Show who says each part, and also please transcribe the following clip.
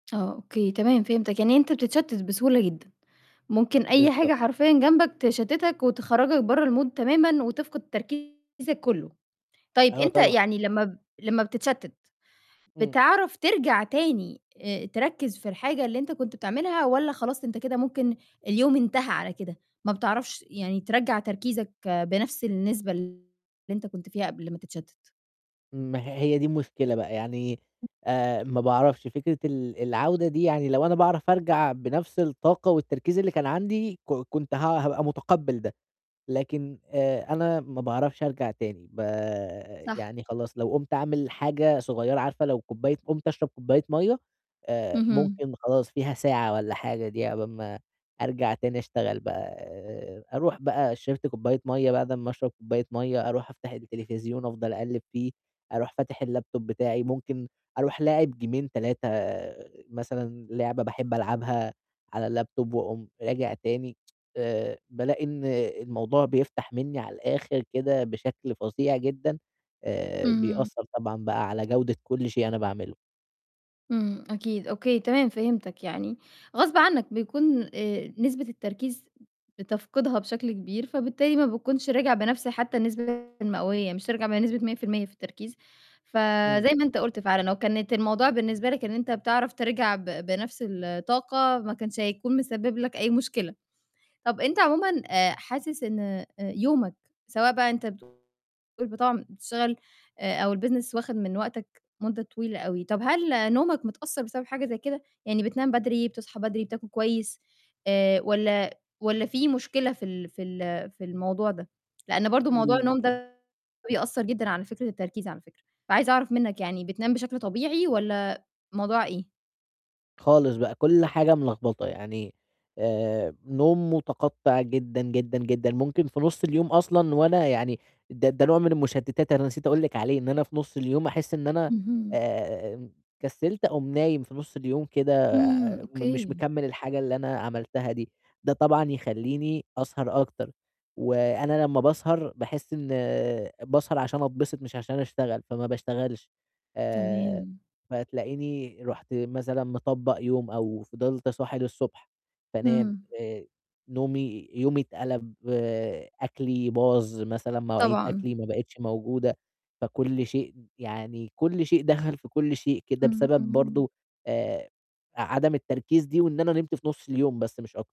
Speaker 1: آه، أوكي، تمام، فهمتاك، يعني أنت بتتشتت بسهولة جدًا، ممكن أي حاجة
Speaker 2: بالضبط.
Speaker 1: حرفيًا جنبك تشتتك ،وتخرّجك برّا الMood تمامًا، وتفقد تركيزك كُلّه، طيب
Speaker 2: آه،
Speaker 1: أنت
Speaker 2: طبعًا.
Speaker 1: يعني لمّا ب لمّا بتتشتت،
Speaker 2: امم.
Speaker 1: بتعرف ترجع تاني تركّز في الحاجة اللي أنت كنت بتعملها، والّا خلاص أنت كده ممكن اليوم انتهى على كده، ما بتعرفش يعني ترّجع تركيزك بنفس النسبة اللي أنت كنت فيها قبل ما تتشتت؟
Speaker 2: ما هي هيَ دي المشكلة بقى، يعني آآ، ما باعرفش فكرة ال العودة دي، يعني لو أنا باعرف أرجع بنفس الطاقة، والتركيز اللي كان عَندي، ك كنت ه هابقى متقّبل ده، لكن آآ، أنا ما باعرفش أرجع تاني، ب
Speaker 1: صح.
Speaker 2: يعني خلاص لو قُمت أعمل حاجة صغيرة، عارفة لو كوباية قُمت أشرب كوباية مَيّة، آآ،
Speaker 1: اهم.
Speaker 2: ممكن خلاص فيها ساعة والّا حاجة دي عقبال ما أرجع تاني أشتغل بقى، آآ، أروح بقى شرِبت كوباية مَيّة، بعد أمّا أشرب كوباية مَيّة، أروح أفتح التلفزيون، أفضل أقلِّب فيه، أروح فاتح الLaptop بتاعي، ممكن أروح لاعب جيمين، 3 مثلًا، لعبة باحب ألعبها على الLaptop وأقوم راجع تاني بالاقي إن الموضوع بيفتح مني على الآخر كده، بشكل فظيع جدًا، آآ،
Speaker 1: اهم.
Speaker 2: بيأثّر طبعًا بقى على جودة كُلّ شيء أنا باعمله.
Speaker 1: إمم، أكيد، أوكي، تمام فهمتاك. يعني غصب عنك بيكون نسبة التركيز بتفقدها بشكل كبير، فبالتالي ما بتكونش راجع بنفس حتى النسبة المئوية مش هترجع بنسبة 100% في التركيز، فزَي
Speaker 2: إمم.
Speaker 1: ما أنت قُلت فعلًا لو كانت الموضوع بالنسبة لك إن أنت بتعرف ترجع ب بنفس الطاقة، ما كانش هيكون مِسبب لك أي مشكلة. طَب أنت عمومًا آآ، حاسس إن أ يومك سواء بقى أنت بتقول [unintelligible] بتشغل، أو الbusiness وَاخد من وقتك مدة طويلة أوي، طَب هل نومك متأثّر بسبب حاجة زَي كده؟ يعني بتنام بدري، بتصحى بدري، بتاكل كويس، آآ، والّا والّا في مشكلة في ال في ال في الموضوع ده؟ لأن برضه موضوع النوم
Speaker 2: [unintelligible]
Speaker 1: ده بيأثّر جدًا على فكرة التركيز على فكرة، فعايزة أعرف منك يعني بتنام بشكل طبيعي، والّا موضوع إيه؟
Speaker 2: خالص بقى، كُلّ حاجة ملخبطة، يعني آآ، نوم متقطّع جدًا، جدًا، جدًا، ممكن في نُص اليوم أصلًا وأنا يعني ده ده نوع من المشتتات أنا نسيت أقول لِك عليه، إن أنا في نُص اليوم أحس إن أنا
Speaker 1: اهم.
Speaker 2: آمم، كسّلت، أقوم نايم في نُص اليوم كده،
Speaker 1: إمم،
Speaker 2: مش
Speaker 1: أوكي.
Speaker 2: مكمِّل الحاجة اللي أنا عملتها دي. ده طبعًا يخلّيني أسهر أكتر، وأنا لمّا باسهر، باحس إن باسهر عشان أتبسط، مش عشان أشتغل، فما باشتغلش، آآ،
Speaker 1: تمام.
Speaker 2: فتلاقيني رُحت مثلًا مطّبق يوم، أو فضلت صاحي للصبح، فانام،
Speaker 1: اهم.
Speaker 2: آآ، نومي يومي اتقلب، أكلي باظ، مثلًا مواعيد
Speaker 1: طبعًا.
Speaker 2: أكلي ما بقتش موجودة، فكُلّ شيء يعني كُلّ شيء دخل في كُلّ شيء كده،
Speaker 1: اهم. إمم،
Speaker 2: بسبب
Speaker 1: امم.
Speaker 2: برضه آآ، عدم التركيز دي، وإن أنا نمت في نُص اليوم بس مش أك